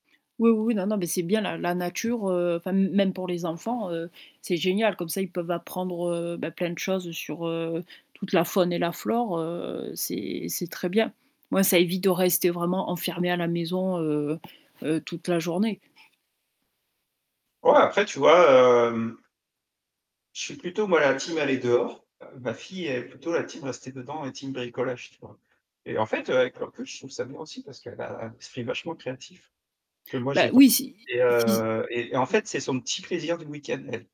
Oui, oui, oui. Non, non, mais c'est bien la la nature, heu, enfin, m même pour les enfants, heu, c'est génial. Comme ça, ils peuvent apprendre, heu, bah, plein de choses sur, heu, toute la faune et la flore, heu, c'est c'est très bien. Ouais, ça évite de rester vraiment enfermé à la maison, heu heu, toute la journée. Ouais, après, tu vois? Hem je suis plutôt, moi, la team aller dehors. Heu, ma fille elle est plutôt la team rester dedans et team bricolage, tu vois? Et en fait, heu, avec le recul, je trouve ça bien aussi, parce qu'elle a un esprit vachement créatif, que moi Bah j'ai pas. oui, si Et si, i heu, et et en fait, c'est son petit plaisir du week-end, elle.